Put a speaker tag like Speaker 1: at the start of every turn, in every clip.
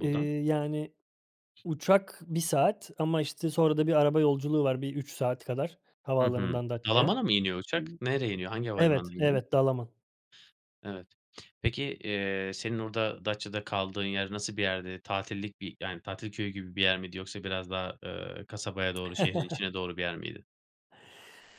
Speaker 1: Eee, yani uçak 1 saat ama, işte, sonra da bir araba yolculuğu var bir 3 saat kadar
Speaker 2: Hı hı.
Speaker 1: havaalanından Datça'ya, iii
Speaker 2: Dalaman'a mı iniyor uçak? Nereye iniyor? Hangi
Speaker 1: Evet,
Speaker 2: havalimanında iniyor?
Speaker 1: evet, Dalaman.
Speaker 2: Evet. Peki, eee, senin orada Datça'da kaldığın yer nasıl bir yerdi? Tatillik bir yani tatil köyü gibi bir yer miydi yoksa biraz daha, ııı, kasabaya doğru şehrin içine doğru bir yer miydi?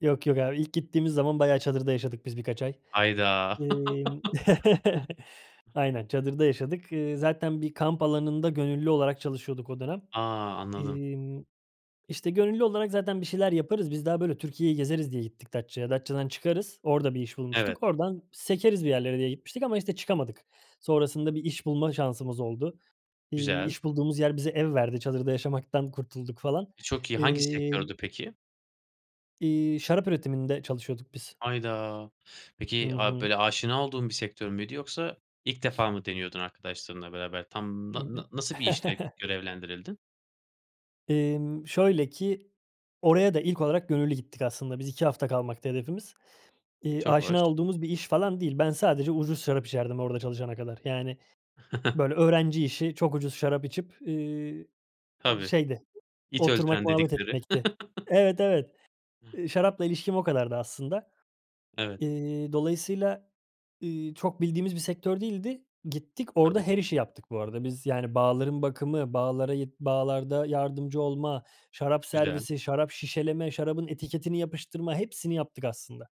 Speaker 1: Yok, yok, abi ilk gittiğimiz zaman bayağı çadırda yaşadık biz birkaç ay.
Speaker 2: Hayda!
Speaker 1: Emm, aynen, çadırda yaşadık. Eee, zaten bir kamp alanında gönüllü olarak çalışıyorduk o dönem.
Speaker 2: A! Anladım.
Speaker 1: Emm, işte, gönüllü olarak zaten bir şeyler yaparız. Biz daha böyle Türkiye'yi gezeriz diye gittik Datça'ya. Datça'dan çıkarız. Orada bir iş
Speaker 2: Evet.
Speaker 1: bulmuştuk. Oradan sekeriz bir yerlere diye gitmiştik ama, işte, çıkamadık. Sonrasında bir iş bulma şansımız oldu. İii,
Speaker 2: Güzel.
Speaker 1: iş bulduğumuz yer bize ev verdi. Çadırda yaşamaktan kurtulduk falan.
Speaker 2: Eee, çok iyi. Hangi
Speaker 1: Emm
Speaker 2: sektördü peki?
Speaker 1: İii, şarap üretiminde çalışıyorduk biz.
Speaker 2: Hayda.
Speaker 1: Hı
Speaker 2: Peki ab
Speaker 1: hı.
Speaker 2: böyle aşina olduğun bir sektör müydü yoksa ilk defa mı deniyordun arkadaşlarınla beraber? Tam na na nasıl bir
Speaker 1: [unintelligible]
Speaker 2: işle görevlendirildin?
Speaker 1: Emm, şöyle ki oraya da ilk olarak gönüllü gittik aslında. Biz 2 hafta kalmaktı hedefimiz. Eee,
Speaker 2: Çok hoş.
Speaker 1: aşina olduğumuz bir iş falan değil. Ben sadece ucuz şarap içerdim orada çalışana kadar. Yani, böyle öğrenci işi çok ucuz şarap içip, eee, iii,
Speaker 2: Tabii.
Speaker 1: şeydi,
Speaker 2: İç
Speaker 1: oturmak,
Speaker 2: öldüren
Speaker 1: muhabbet
Speaker 2: dedikleri.
Speaker 1: etmekti. Evet, evet.
Speaker 2: [unintelligible]
Speaker 1: Eee, şarapla ilişkim o kadardı aslında.
Speaker 2: Evet.
Speaker 1: İii, dolayısıyla, iii, çok bildiğimiz bir sektör değildi. Gittik orada
Speaker 2: Tabii.
Speaker 1: her işi yaptık bu arada. Biz yani bağların bakımı, bağlara git, bağlarda yardımcı olma, şarap
Speaker 2: Güzel.
Speaker 1: servisi, şarap şişeleme, şarabın etiketini yapıştırma, hepsini yaptık aslında.